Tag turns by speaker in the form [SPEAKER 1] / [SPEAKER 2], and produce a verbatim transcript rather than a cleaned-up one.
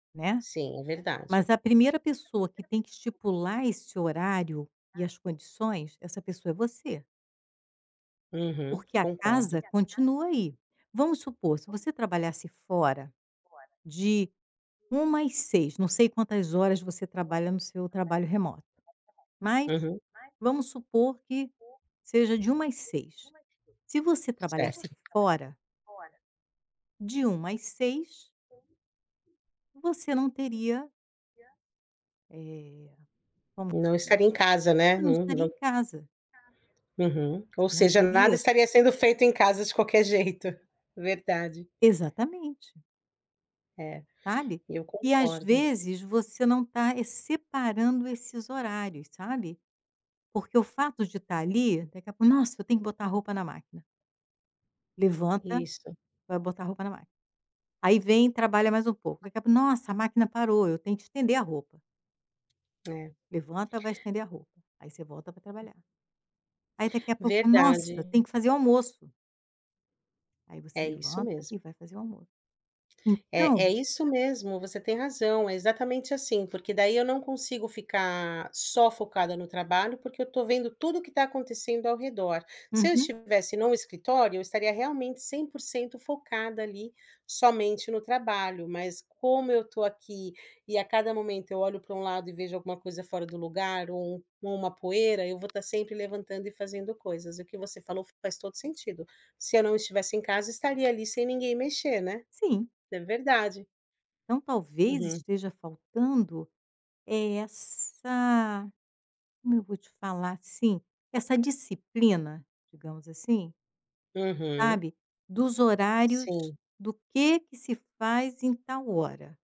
[SPEAKER 1] Né.
[SPEAKER 2] Sim, é verdade.
[SPEAKER 1] Mas a primeira pessoa que tem que estipular esse horário e as condições, essa pessoa é você.
[SPEAKER 2] Uhum,
[SPEAKER 1] Porque a
[SPEAKER 2] concordo.
[SPEAKER 1] casa continua aí. Vamos supor, se você trabalhasse fora, de uma e seis não sei quantas horas você trabalha no seu trabalho remoto. Mas
[SPEAKER 2] Uhum.
[SPEAKER 1] vamos supor que seja de uma às seis. Se você trabalhasse
[SPEAKER 2] Certo.
[SPEAKER 1] fora de uma às seis você não teria eh, como que
[SPEAKER 2] Não
[SPEAKER 1] se diz?
[SPEAKER 2] estaria em casa, né.
[SPEAKER 1] Você não
[SPEAKER 2] Não
[SPEAKER 1] estaria
[SPEAKER 2] não
[SPEAKER 1] em casa.
[SPEAKER 2] uhum. Ou
[SPEAKER 1] Não
[SPEAKER 2] seja, nada
[SPEAKER 1] teria
[SPEAKER 2] estaria sendo feito em casa de qualquer jeito. Verdade.
[SPEAKER 1] Exatamente.
[SPEAKER 2] É,
[SPEAKER 1] Sabe.
[SPEAKER 2] eu
[SPEAKER 1] E às
[SPEAKER 2] concordo.
[SPEAKER 1] vezes você não tá é separando esses horários, sabe. Porque o fato de estar ali, daqui a pouco: "Nossa, eu tenho que botar a roupa na máquina". Levanta,
[SPEAKER 2] Isto.
[SPEAKER 1] vai botar a roupa na máquina. Aí vem e trabalha mais um pouco, daqui a pouco: "Nossa, a máquina parou, eu tenho que estender a roupa".
[SPEAKER 2] É.
[SPEAKER 1] Levanta, vai estender a roupa. Aí você volta pra trabalhar. Aí daqui a pouco: "Nossa,
[SPEAKER 2] Verdade.
[SPEAKER 1] eu tenho que fazer o almoço". Aí você
[SPEAKER 2] É isso
[SPEAKER 1] levanta
[SPEAKER 2] mesmo.
[SPEAKER 1] e vai fazer o almo
[SPEAKER 2] Eh,
[SPEAKER 1] então
[SPEAKER 2] é isso mesmo, você tem razão, é exatamente assim, porque daí eu não consigo ficar só focada no trabalho, porque eu estou vendo tudo o que tá acontecendo ao redor. Se eu
[SPEAKER 1] Uhum.
[SPEAKER 2] estivesse num escritório, eu estaria realmente cem por cento focada ali, somente no trabalho, mas como eu estou aqui e a cada momento eu olho pra um lado e vejo alguma coisa fora do lugar, ou ou uma poeira, eu vou estar sempre levantando e fazendo coisas. O que você falou faz todo sentido, se eu não estivesse em casa, estaria, ali, sem ninguém mexer, né.
[SPEAKER 1] Sim.
[SPEAKER 2] É verdade.
[SPEAKER 1] Então talvez
[SPEAKER 2] Uhum.
[SPEAKER 1] esteja faltando é essa como eu vou te falar sim, essa disciplina, digamos assim
[SPEAKER 2] Uhum.
[SPEAKER 1] sabe, dos horários
[SPEAKER 2] Sim.
[SPEAKER 1] do que que se faz em tal hora.